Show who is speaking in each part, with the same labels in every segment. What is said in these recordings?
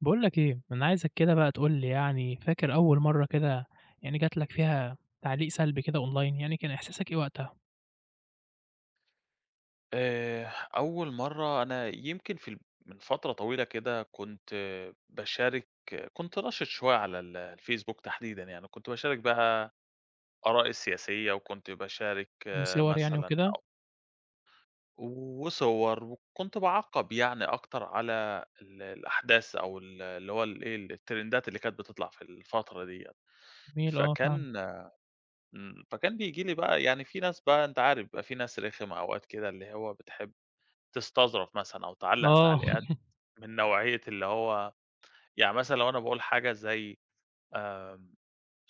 Speaker 1: باقول لك إيه، أنا عايزك كده بقى تقول لي يعني فاكر أول مرة كده يعني جات لك فيها تعليق سلبي كده أونلاين يعني كان إحساسك إيه وقتها؟
Speaker 2: آآ، أول مرة أنا يمكن في ال من فترة طويلة كده كنت باشارك كنت نشط شوية على ال آآ، الفيسبوك تحديدًا يعني كنت باشارك بقى آرائي السياسية وكنت باشارك آآ،
Speaker 1: وصور يعني
Speaker 2: مثلًا
Speaker 1: وكده؟
Speaker 2: أو وصور وكنت باعقّب يعني أكتر على ال الأحداث أو ال اللي هو ال إيه الترندات اللي كانت بتطلع في الفترة دي يعني،
Speaker 1: جميل آه، فاهمك.
Speaker 2: فكان امم، فكان بييجي لي بقى يعني في ناس بقى أنت عارف بقى في ناس رخمه أوقات كده اللي هو بتحب تستظرف مثلًا أو تعلق
Speaker 1: آه.
Speaker 2: تعليقات من نوعية اللي هو يعني مثلًا لو أنا باقول حاجة زي آآ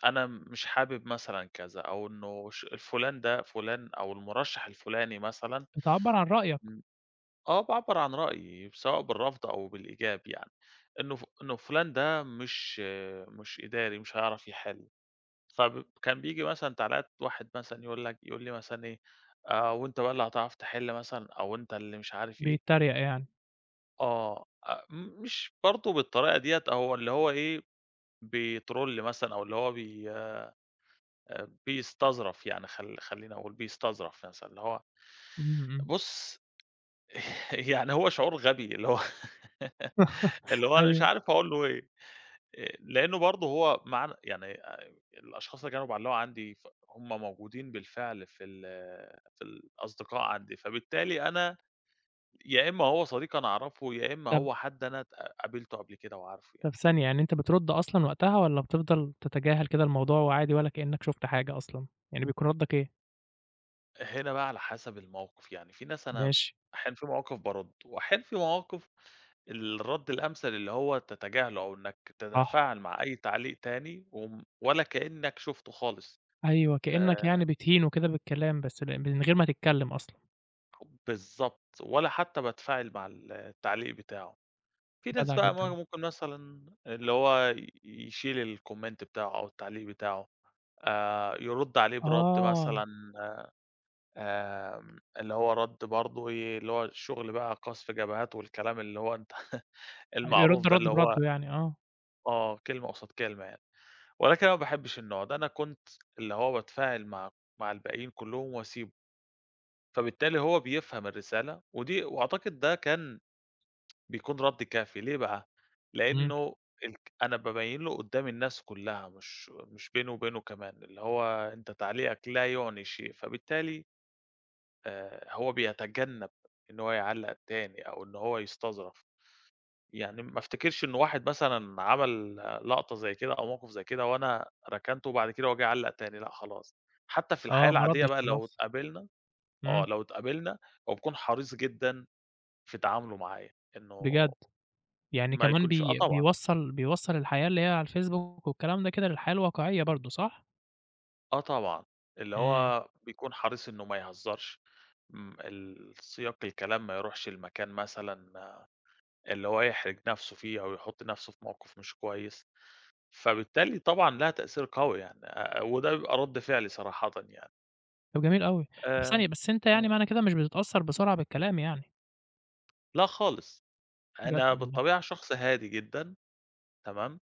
Speaker 2: أنا مش حابب مثلًا كذا أو إنه ش الفلان ده فلان أو المرشّح الفلاني مثلًا
Speaker 1: بتعبّر عن رأيك.
Speaker 2: أمم، آه، باعبّر عن رأيي سواء بالرفض أو بالإيجاب يعني، إنه ف إنه فلان ده مش مش إداري مش هيعرف يحل فبب كان بيجي مثلًا تعليقات واحد مثلًا يقول لك يقول لي مثلًا إيه: "آآ، وأنت بقى اللي هتعرف تحل مثلًا أو أنت اللي مش عارف إيه؟"
Speaker 1: بيتّريق يعني.
Speaker 2: آه، أ م مش برضو بالطريقة دي. أو اللي هو إيه بيترول مثلًا، أو اللي هو بي آآ، بيستظرف يعني، خل خليني أقول بيستظرف مثلًا اللي هو.
Speaker 1: إمم، إمم.
Speaker 2: بُص يعني هو شعور غبي اللي هو اللي هو أنا مش
Speaker 1: أيوه.
Speaker 2: عارف أقول له إيه لأن برضه هو معانا يعني الأشخاص اللي كانوا بيعلقوا عندي ف هُم موجودين بالفعل في ال في ال الأصدقاء عندي. فبالتالي أنا يا إما هو صديق أنا أعرفه، يا إما
Speaker 1: طَب
Speaker 2: هو حد أنا اتق قابلته قبل كده وعارفه
Speaker 1: طَب
Speaker 2: يعني.
Speaker 1: ثانية،
Speaker 2: امم.
Speaker 1: يعني أنت بترد أصلًا وقتها والّا بتفضل تتجاهل كده الموضوع وعادي ولا كأنك شُفت حاجة أصلًا؟ يعني بيكون ردّك إيه؟
Speaker 2: هنا بقى على حسب الموقف، يعني في ناس أنا
Speaker 1: ماشي.
Speaker 2: أحيانًا في مواقف بَاردّ، وأحيانًا في مواقف الرد الأمثل اللي هو تتجاهله، أو إنك
Speaker 1: صح.
Speaker 2: تتفاعل مع أي تعليق تاني و ولا كأنك شُفته خالص،
Speaker 1: أيوه، كأنك يعني
Speaker 2: آآ
Speaker 1: بتهينه كده بالكلام، بس م من غير ما تتكلم أصلًا.
Speaker 2: بالضبط، ولا حتى باتفاعل مع ال التعليق بتاعه. في ناس
Speaker 1: جدع
Speaker 2: بقى ما
Speaker 1: جدًا.
Speaker 2: ممكن مثلًا اللي هو يشيل الcomment بتاعه أو التعليق بتاعه، آآ، يرد عليه بِرَد
Speaker 1: آه.
Speaker 2: مثلًا آآ، آآ، اللي هو رد برضه إيه، اللي هو الشغل بقى قذف جبهات والكلام اللي هو أنت المعروف
Speaker 1: يرُدّ
Speaker 2: ده،
Speaker 1: رد
Speaker 2: اللي هو
Speaker 1: برُدّه يعني، آه.
Speaker 2: آه كلمة قُصاد كلمة يعني، ولكن أنا ما باحبش النوع ده، أنا كنت اللي هو باتفاعل مع مع الباقيين كلهم وأسيبه. فبالتالي هو بيفهم الرسالة، و دي وأعتقد ده كان بيكون رد كافي ليه بقى؟
Speaker 1: إمم.
Speaker 2: لأنه الك أنا بابين له قدام الناس كلها مش مش بيني وبينه، كمان، اللي هو أنت تعليقك لا يُعني شيء، فبالتالي آآ، هو بيتجنب إن هو يعلق تاني أو إن هو يستظرف. يعني ما افتكرش إن واحد مثلًا عمل لقطة زي كده أو موقف زي كده وأنا ركنته، وبعد كده هو جه علّق تاني، لأ خلاص. حتى في الحياة
Speaker 1: آه، ما
Speaker 2: العادية
Speaker 1: ردّش
Speaker 2: بقى لو
Speaker 1: خلاص.
Speaker 2: اتقابلنا آه
Speaker 1: إمم.
Speaker 2: لو تقابلنا، هو بيكون حريص جدًا في تعامله معايا إنه
Speaker 1: بجد! يعني،
Speaker 2: ما
Speaker 1: كمان
Speaker 2: يكونش آه
Speaker 1: بي
Speaker 2: طبعًا.
Speaker 1: بيوصل بيوصل الحياة اللي هي على الFacebook والكلام ده كده للحياة الواقعية برضه، صح؟
Speaker 2: آه طبعًا، اللي
Speaker 1: إمم.
Speaker 2: هو بيكون حريص إنه ما يهزّرش، م السياق الكلام ما يروحش لمكان مثلًا اللي هو يحرج نَفْسه فيه أو يحُط نَفْسه في موقِف مش كويس، فبالتالي طبعًا ليها تأثير قوي يعني آآ آآ، وده بيبقى رد فعلي صراحةً يعني.
Speaker 1: طَب جميل أوي، طَب
Speaker 2: آآ
Speaker 1: ثانية بس أنت
Speaker 2: آه.
Speaker 1: يعني معنى كده مش بتتأثّر بسرعة بالكلام يعني؟
Speaker 2: لأ، خالص
Speaker 1: جدع
Speaker 2: أنا
Speaker 1: والله.
Speaker 2: بالطبيعة شخص هادي جدًا تمام؟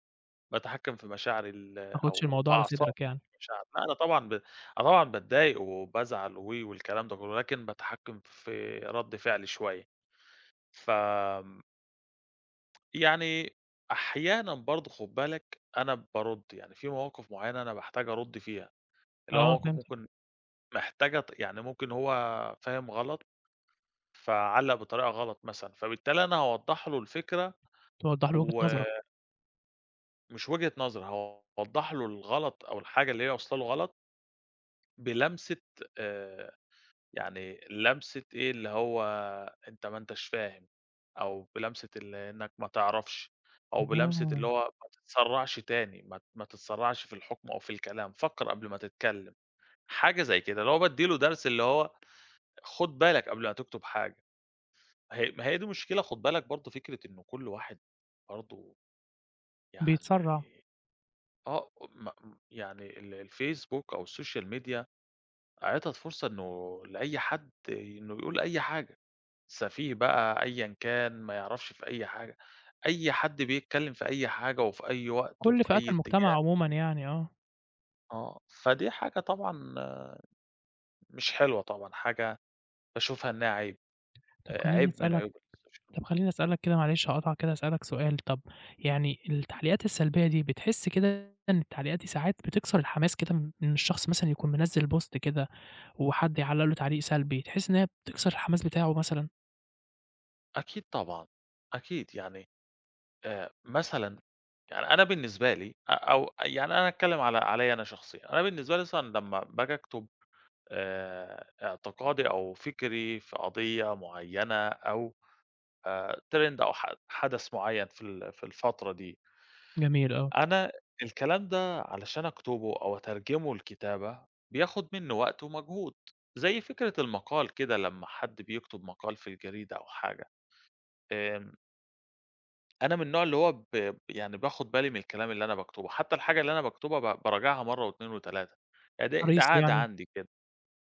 Speaker 2: باتحكم في مشاعر ال
Speaker 1: ما تاخُدش
Speaker 2: أو في
Speaker 1: الموضوع على
Speaker 2: أعصابي
Speaker 1: صدرك يعني.
Speaker 2: مشاعري لأ، أنا طبعًا ب أنا طبعًا باتضايق وبازعل أوي و والكلام ده كلّه ولكن باتحكم في رد فعلي شوية، ف آمم. يعني أحيانًا برضه خُد بالك أنا بارُد يعني في مواقِف معيّنة أنا باحتاج أرد فيها اللي
Speaker 1: آه،
Speaker 2: هو كان
Speaker 1: فهمتك.
Speaker 2: ممكن محتاجة ت يعني ممكن هو فاهم غلط فعلّق بطريقة غلط، مثلًا فبالتالي أنا هاوضح له الفكرة
Speaker 1: توضح له وجهة
Speaker 2: و
Speaker 1: نظرك.
Speaker 2: مش وجهة نظري هاوضح له الغلط أو الحاجة اللي هي واصله له غلط بلمسة آآ يعني لمسة إيه اللي هو أنت ما أنتش فاهم أو بلمسة اللي إنك ما تعرفش أو بلمسة اللي
Speaker 1: أها.
Speaker 2: هو ما تتسرعش تاني ما ت ما تتسرعش في الحكم أو في الكلام فكّر قبل ما تتكلم، حاجة زي كده اللي هو بادِّي له درس اللي هو خد بالك قبل ما تكتب حاجة ما هي ما هي دي مشكلة خد بالك برضه فكرة إنه كل واحد برضه
Speaker 1: بيتسرع.
Speaker 2: يعني آه، م م يعني ال الfacebook أو الsocial media عِطَت فرصة إنه لأي حد إنه يقول أي حاجة سفيه بقى أيًا كان ما يعرفش في أي حاجة أي حد بيتكلم في أي حاجة وفي أي وقت
Speaker 1: كل
Speaker 2: وفي
Speaker 1: فئات
Speaker 2: أي
Speaker 1: المجتمع
Speaker 2: اتجاه.
Speaker 1: عمومًا يعني، آه.
Speaker 2: آه، فدي حاجة طبعًا مش حلوة طبعًا حاجة باشوفها إنها عيب،
Speaker 1: طَب خلّيني
Speaker 2: عيب من
Speaker 1: أسألك
Speaker 2: عيوب الsocial media.
Speaker 1: طَب خلّيني أسألك كده معلش هاقاطعك كده أسألك سؤال، طَب يعني التعليقات السلبية دي بتحس كده إن التعليقات دي ساعات بتكسر الحماس كده إن الشخص مثلًا يكون منزِّل post كده وحد يعلق له تعليق سلبي تحس إن هي بتكسر الحماس بتاعه مثلًا؟
Speaker 2: أكيد طبعًا، أكيد يعني آآ، مثلًا يعني أنا بالنسبة لي آآ، أو يعني أنا هاتكلم على عليّ أنا شخصيًا، أنا بالنسبة لي مثلًا لَمّا باجى أكتُب آآ، اعتقادي أو فِكْري في قضية مُعيّنة أو آآ، trend أو ح حَدْث مُعيّن في ال في الفترة دي
Speaker 1: جميل، آه.
Speaker 2: أنا الكلام ده علشان أكتبه أو أترجمه لكتابة، بياخد مني وقت ومجهود، زي فكرة المقال كده لمّا حد بيكتب مقال في الجريدة أو حاجة، آآ أنا من النوع اللي هو ب ب يعني باخد بالي من الكلام اللي أنا باكتُبه، حتى الحاجة اللي أنا باكتبها ب باراجعها مَرّه و2 و3 ده ده
Speaker 1: حريص
Speaker 2: عادة
Speaker 1: يعني،
Speaker 2: عندي كده،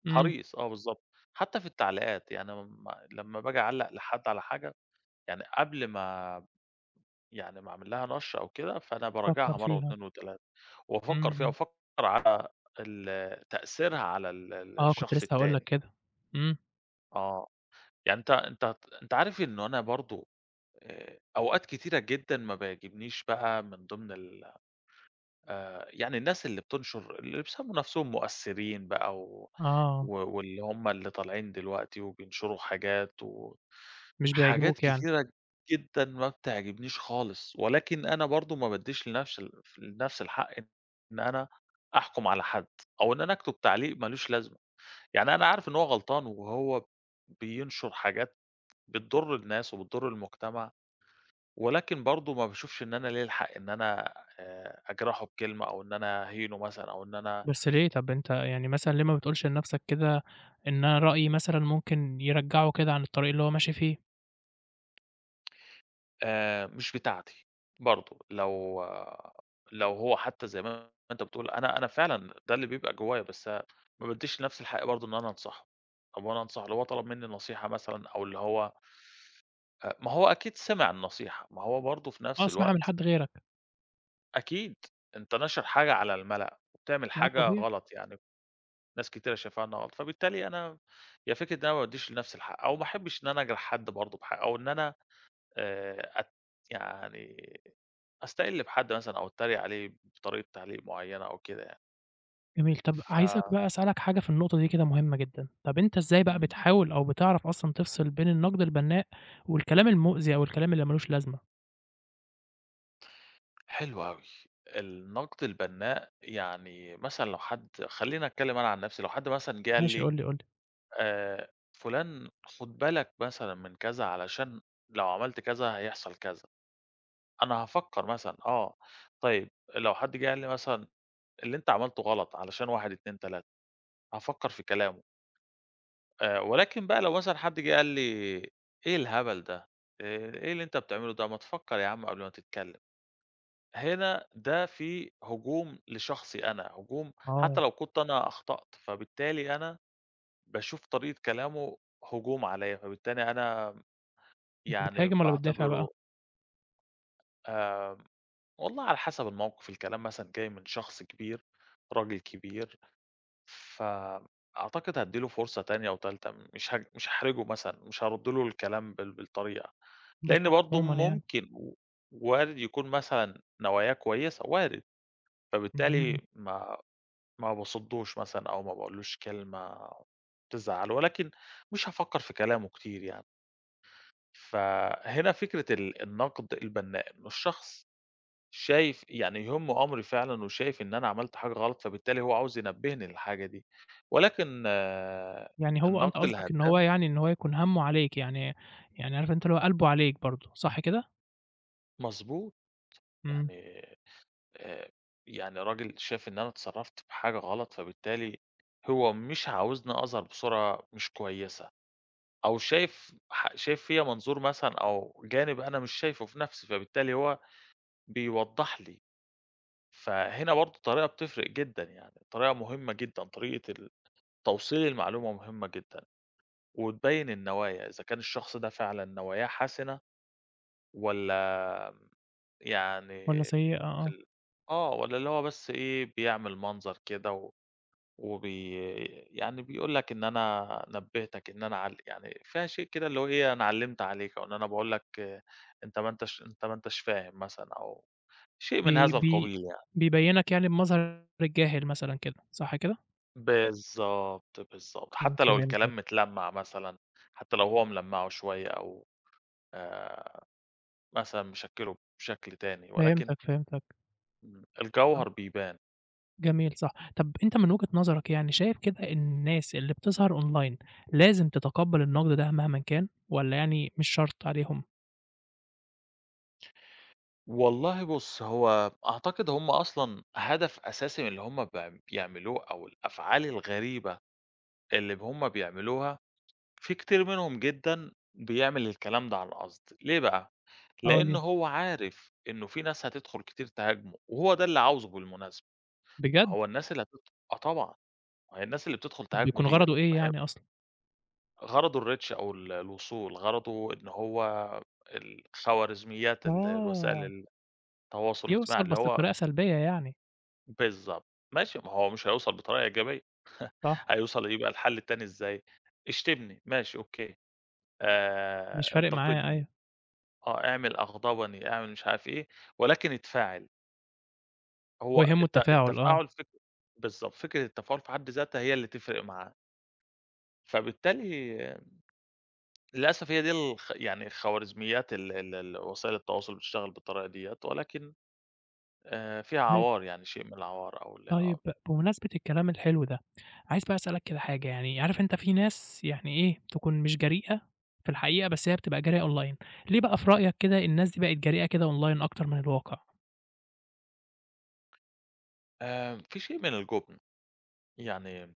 Speaker 1: امم.
Speaker 2: حريص آه بالضبط، حتى في التعليقات يعني م لَمّا باجي أعلّق لحد على حاجة، يعني قبل ما يعنى ما أعمل لها نَشْر أو كده، فأنا
Speaker 1: بتفَكّر
Speaker 2: باراجعها مَرّه
Speaker 1: فيها.
Speaker 2: و2 و3
Speaker 1: امم،
Speaker 2: وأفكّر فيها،
Speaker 1: امم.
Speaker 2: وافكّر على ال تأثيرها على ال ال
Speaker 1: آه، كنت
Speaker 2: الشخص
Speaker 1: لسه هاقُول لك
Speaker 2: التاني.
Speaker 1: كده، امم.
Speaker 2: آه، يعني أنتَ أنتَ أنتَ عارف إنه أنا برضه آآ، أوقات كتيرة جدًا ما بيعجبنيش بقى من ضمن ال آآ، يعني الناس اللي بتنشر اللي بيسَموا نفسهم مؤثّرين بقى، و
Speaker 1: آه.
Speaker 2: و واللِّي هُم اللى طالعين دلوقتي، وبينشروا حاجات،
Speaker 1: مش
Speaker 2: وحاجات
Speaker 1: بيعجبوك يعني.
Speaker 2: كتيرة جدًا ما بتعجبنيش خالص، ولكن أنا برضه ما بَادّيش لنَفْسي الف لنفسي الحق إن أنا أحكُم على حَد، أو إن أنا أكتب تعليق مالوش لازمة. يعني أنا عارف إن هو غلطان، وهو بينشُر حاجات بتضُرّ الناس، وبتُضّر المجتمع، ولكن برضه ما باشوفش إن أنا لِيَّا الحق إن أنا آآ، أجْرَحُه بكلمة، أو إن أنا أهينُه مثلًا، أو إن أنا
Speaker 1: بس ليه، طَب أنتَ يعني مثلًا ليه ما بتقولش لنَفسك كده، إن أنا رأيي مثلًا مُمْكن يرجَّعُه كده عن الطريق اللي هو ماشي فيه؟
Speaker 2: آآ، مش بتاعتي برضه لو لو هو حتى زي ما أنت بتقول أنا أنا فعلًا ده اللي بيبقى جوايا، بس ما بادّيش لنفسي الحق برضه إن أنا أنصحُه أو أنا أنصحُه اللي هو طَلَب مني نصيحة مثلًا أو اللي هو أ ما هو أكيد سِمِع النصيحة، ما هو برضه في
Speaker 1: آه،
Speaker 2: نفس
Speaker 1: سمِعها من
Speaker 2: الوقت
Speaker 1: حد غيرك.
Speaker 2: أكيد أنت ناشر حاجة على الملأ، وبتعمل
Speaker 1: لأ،
Speaker 2: حاجة
Speaker 1: طبيعي.
Speaker 2: غلط، يعني ناس كتيرة شايفاها إنها غلط، فبالتالي أنا هي فكرة إن أنا ما بادّيش لنفسي الحق أو ما أحبّش إن أنا أجرح حد برضه بحا أو إن أنا آآ، أت يعني أستقِلّ بحد مثلًا أو أتريّق عليه بطريقة تعليق معيّنة أو كده يعني.
Speaker 1: جميل، طَب
Speaker 2: ف
Speaker 1: عايزك بقى أسألك حاجة في النقطة دي كده مهمة جدًا، طَب أنت إزاي بقى
Speaker 2: إمم.
Speaker 1: بتحاول أو بتِعرَف أصلًا تفصِل بين النقد البنّاء، والكلام المؤذي أو الكلام اللي ما لوش لازمة؟
Speaker 2: حلو أوي، النقد البنّاء يعني مثلًا لو حد خلّيني أتكلم أنا عن نفسي لو حد مثلًا جِا
Speaker 1: ماشي،
Speaker 2: لي
Speaker 1: قُل لي قُل لي.
Speaker 2: آآ، فلان خد بالك مثلًا من كذا علشان لو عملت كذا هيحصل كذا، أنا هافكّر مثلًا، آه طيّب، لو حد جِه قال لي مثلًا اللي أنت عملتُه غلط علشان 1 2 3 هافكّر في كلامُه. آآ ولكن بقى لو مثلًا حد جِه قال لي إيه الهبل ده، آآ إيه اللي أنت بتعمله ده، ما تفكّر يا عم قبل ما تتكلّم. هنا ده فيه هجوم لشخصي أنا هجوم حتى
Speaker 1: آه.
Speaker 2: لو كنت أنا أخطأت، فبالتالي أنا باشوف طريقة كلامه هجوم عليّا فبالتالي أنا م
Speaker 1: كنت
Speaker 2: يعني
Speaker 1: بتهاجم والّا بتدافع بقى؟
Speaker 2: باعتبره آمم، والله على حسب الموقِف الكلام مثلًا جاي من شخص كبير راجل كبير، فم أعتقد هادّي له فرصة تانية وتالتة م مش هج مش هاحرجه مثلًا مش هارد له الكلام بال بالطريقة،
Speaker 1: وده
Speaker 2: لإن
Speaker 1: صح
Speaker 2: برضه
Speaker 1: عمومًا يعني.
Speaker 2: ممكن و وارد يكون مثلًا نواياه كويسة وارد،
Speaker 1: اهم.
Speaker 2: فبالتالي ما ما باصدّوش مثلًا أو ما باقولوش له كلمة تزعّله، ولكن مش هافكّر في كلامه كتير يعني. فهنا فكرة ال النقد البنّاء إنّه الشخص شايف يعني يهمّه أمري فعلًا وشايف إن أنا عملت حاجة غلط، فبالتالي هو عاوز ينبهني للحاجة دي ولكن
Speaker 1: يعني هو أنت
Speaker 2: النقد
Speaker 1: قصدك إن هو
Speaker 2: الهدام
Speaker 1: يعني إن هو يكون همّه عليك يعني يعني عارف أنت اللي قلبه عليك برضه صح كده؟
Speaker 2: مضبوط،
Speaker 1: إمم.
Speaker 2: يعني آآ، يعني راجل شاف إن أنا اتصرّفت بحاجة غلط فبالتالي هو مش عاوزني أظهر بصورة مش كويسة، أو شايف ح شايف فيّا منظور مثلًا أو جانب أنا مش شايفُه في نفسي، فبالتالي هو بيوّضح لي، فهنا برضه الطريقة بتفرق جدًا، يعني الطريقة مهمة جدًا طريقة ال توصيل المعلومة مهمة جدًا، وتبيّن النوايا إذا كان الشخص ده فعلًا نواياه حسنة، والَّا
Speaker 1: والَّا
Speaker 2: يعني
Speaker 1: سيئة، آه.
Speaker 2: ال آه، والَّا اللي هو بس إيه بيعمل منظر كده و وبي يعني بيقول لك إن أنا نبِّهتك إن أنا عل يعني في شيء كده اللي هو إيه أنا علّمت عليك، أو إن أنا باقول لك أنت ما أنتش أنت ما أنتش فاهم مثلًا، أو شيء من
Speaker 1: بي
Speaker 2: هذا
Speaker 1: بي
Speaker 2: القبيل يعني.
Speaker 1: بيبيّنك يعني بمظهر الجاهل مثلًا كده، صح كده؟
Speaker 2: بالضبط، بالضبط
Speaker 1: إمم،
Speaker 2: حتى لو الكلام
Speaker 1: فهمتك.
Speaker 2: متلمّع مثلًا، حتى لو هو ملمّعه شوية أو آآ، مثلًا مشكّلُه بشكل تاني ولكن
Speaker 1: فهمتك، فهمتك.
Speaker 2: امم،
Speaker 1: طب
Speaker 2: الجوهر بيبان.
Speaker 1: جميل صح طب أنت من وجهة نظرك يعني شايف كده إن الناس اللي بتظهر أونلاين لازم تتقبّل النقد ده مهماً كان والّا يعني مش شرط عليهم.
Speaker 2: والله بُص هو أعتقد هم أصلًا هدف أساسي من اللي هم ب بيعملوه أو الأفعال الغريبة، اللي هم بيعملوها في كتير منهم جدًا بيعمل الكلام ده عن قصد، ليه بقى
Speaker 1: آه
Speaker 2: لأنه
Speaker 1: ليه؟
Speaker 2: هو عارف إنه في ناس هتدخل كتير تهاجمه وهو ده اللي عاوزه بالمناسبة،
Speaker 1: بجد!
Speaker 2: هو الناس اللي هتد آه طبعًا هي الناس اللي بتدخل
Speaker 1: طب
Speaker 2: تهاجمه
Speaker 1: بيكون
Speaker 2: ديّة
Speaker 1: غرضه إيه
Speaker 2: ما هي
Speaker 1: يعني أصلًا؟
Speaker 2: غرضه الreach أو ال الوصول غرضه إن هو ال الخوارزميات ال
Speaker 1: آه.
Speaker 2: الوسائل التواصل الاجتماعي
Speaker 1: يوصل
Speaker 2: اللي
Speaker 1: بس
Speaker 2: هو
Speaker 1: بطريقة سلبية يعني.
Speaker 2: بالضبط، ماشي ما هو مش هيوصل بطريقة إيجابية
Speaker 1: صح.
Speaker 2: هيوصل يبقى الحل التاني إزاي، اشتمني ماشي أوكي
Speaker 1: مش
Speaker 2: آآ
Speaker 1: فارق معاه
Speaker 2: انتقدني،
Speaker 1: أيوه.
Speaker 2: آه أعمل أغضبني أعمل مش عارف إيه ولكن اتفاعل.
Speaker 1: هو
Speaker 2: هو
Speaker 1: يهمه
Speaker 2: الت
Speaker 1: التفاعل، آه.
Speaker 2: التفاعل فك بالضبط، فكرة التفاعل في حد ذاتها هي اللي تفرق معاه. فبالتالي للأسف هي دي ال يعني الخوارزميات ال ال ال وسائل التواصل بتشتغل بالطريقة ديّة، ولكن آآ، فيها
Speaker 1: طيب
Speaker 2: عوار يعني شيء من العوار أو ال [unintelligible] امم.
Speaker 1: طيب بمناسبة الكلام الحلو ده، عايز بقى أسألك كده حاجة يعني، عارف أنت في ناس يعني إيه تكون مش جريئة في الحقيقة، بس هي بتبقى جريئة online ليه بقى في رأيك كده الناس دي بقت جريئة كده online أكتر من الواقع؟
Speaker 2: آآ في شيء من الجُبن، يعني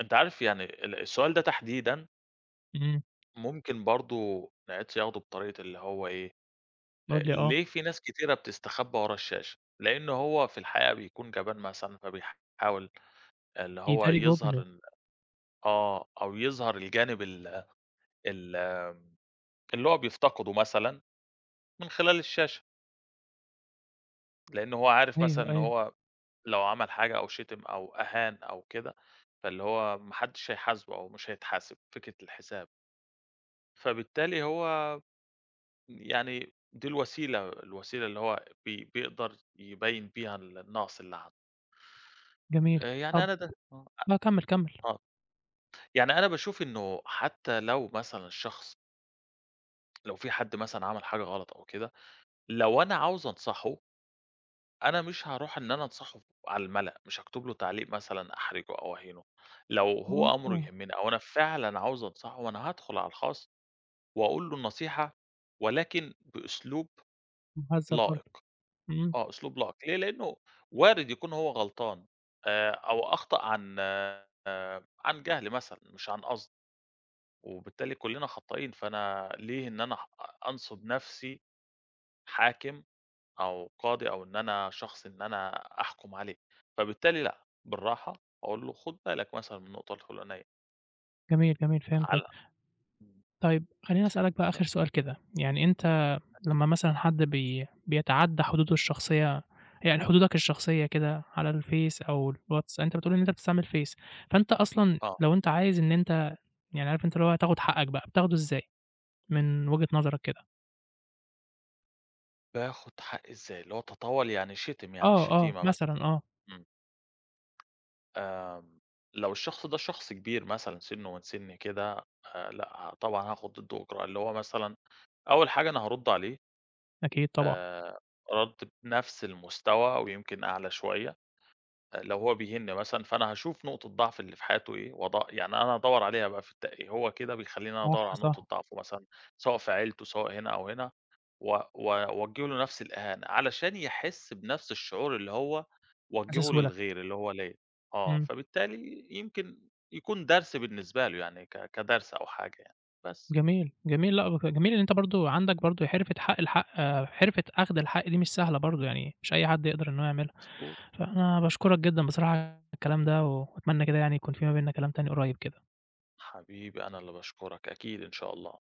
Speaker 2: أنت عارف يعني ال السؤال ده تحديدًا
Speaker 1: إمم.
Speaker 2: ممكن برضه نعيد صياغته بطريقة اللي هو إيه؟
Speaker 1: قل لي آه.
Speaker 2: ليه في ناس كثيرة بتستخبّى ورا الشاشة؟ لأنه هو في الحقيقة بيكون جبان مثلًا فبيحاول اللي هو
Speaker 1: بيداري
Speaker 2: يظهر
Speaker 1: جُبنه.
Speaker 2: ال آه، أو يظهر الجانب ال ال آآ اللي هو بيفتقده مثلًا من خلال الشاشة. لأنه هو عارف مثلًا
Speaker 1: أيوه،
Speaker 2: إن
Speaker 1: أيوه.
Speaker 2: هو لو عمل حاجة أو شتم أو أهان أو كده، فاللي هو ما حدّش هيحاسبه أو مش هيتحاسب، فكرة الحساب. فبالتالي هو م يعني دي الوسيلة الوسيلة اللي هو بي بيقدر يبيّن بيها النقص اللي عنده.
Speaker 1: جميل،
Speaker 2: آآ، يعني
Speaker 1: طب
Speaker 2: أنا ده آه، أ
Speaker 1: لأ، كمِّل، كمِّل.
Speaker 2: آه، يعني أنا باشوف إنه حتى لو مثلًا الشخص لو في حد مثلًا عمل حاجة غلط أو كده، لو أنا عاوز أنصحُه أنا مش هارُوح إن أنا أنصحُه ف على الملأ، مش هاكتب له تعليق مثلًا أحرجُه أو أهينُه، لو هو أمرُه
Speaker 1: [unintelligible]
Speaker 2: يهمّني أو أنا فعلًا عاوز أنصحُه وأنا هادخُل على الخاص وأقول له النصيحة، ولكن بأسلوب
Speaker 1: مُهذَّب
Speaker 2: لائِق
Speaker 1: برضه، إمم.
Speaker 2: آه، أسلوب لائِق ليه لإنه وارِد يكون هو غلطان آآ، أو أخطأ عن عن جهل مثلًا مش عن قصد، وبالتالي كلّنا خطّائين، فأنا ليه إن أنا أح أ أنصُب نَفْسي حاكم أو قاضي، أو إن أنا شخص إن أنا أحُكم عليه، فبالتالي لأ، بالراحة وأقول له خُد بالك مثلًا من النقطة الفُلانية.
Speaker 1: جميل، جميل، فهمتك.
Speaker 2: على إمم.
Speaker 1: طيب، خلّيني أسألك بقى آخر
Speaker 2: ف
Speaker 1: سؤال كده يعني أنت
Speaker 2: أكيد.
Speaker 1: لمّا مثلًا حد بي بيتعدّى حدوده الشخصية يعني حدودك الشخصية كده على الفيس أو الواتس أنت بتقول إن أنت بتستعمل فيس، فأنت أصلًا
Speaker 2: آه.
Speaker 1: لو أنت عايز إن أنت يعني عارف أنت اللي هو تاخُد حقّك بقى، بتاخدُه إزاي من وجهة نظرك كده؟
Speaker 2: باخُد حقّي إزاي؟ اللي هو تطاول يعني شِتم يعني
Speaker 1: آه، آه
Speaker 2: الشِتيمة مثلًا.
Speaker 1: مثلًا، آه.
Speaker 2: إمم. آمم، لو الشخص ده شخص كبير مثلًا سِنُّه من سِنِّي كده آآ، لأ، طبعًا هاخُد ضِده إجراء، اللي هو مثلًا أول حاجة أنا هارُدّ عليه
Speaker 1: أكيد، طبعًا.
Speaker 2: آآ، رَد بنَفْس المستوى ويمكن أعلى شوية آآ، لو هو بيهينني مثلًا فأنا هاشوف نقطة ضعف اللي في حياته إيه، وأد يعني أنا أدوّر عليها بقى في [unintelligible] هو كده بيخلّيني أنا أدوّر
Speaker 1: صح،
Speaker 2: على نقطة
Speaker 1: صح.
Speaker 2: ضعفُه مثلًا، سواء في عيلتُه سواء هنا أو هنا و و أوجّه له نَفْس الإهانة، علشان يحس بنَفْس الشعور اللي هو وجّهُه
Speaker 1: [unintelligible]
Speaker 2: للغير اللي هو ليّا، آه
Speaker 1: إمم.
Speaker 2: فبالتالي يمكن يكون درس بالنسبة له يعني، ك كدرس أو حاجة يعني، بس.
Speaker 1: جميل، جميل لأ، وف جميل اللي أنت برضه عندك برضه حِرفة حق الحق حرفة أخْد الحق دي مش سهلة برضه، يعني مش أي حد يقدر إن هو يعملها.
Speaker 2: مضبوط،
Speaker 1: فأنا باشكرك جدًا بصراحة على الكلام ده، وأتمنى كده يعني يكون في ما بيننا كلام تاني قريّب كده.
Speaker 2: حبيبي، أنا اللي باشكرك، أكيد إن شاء الله.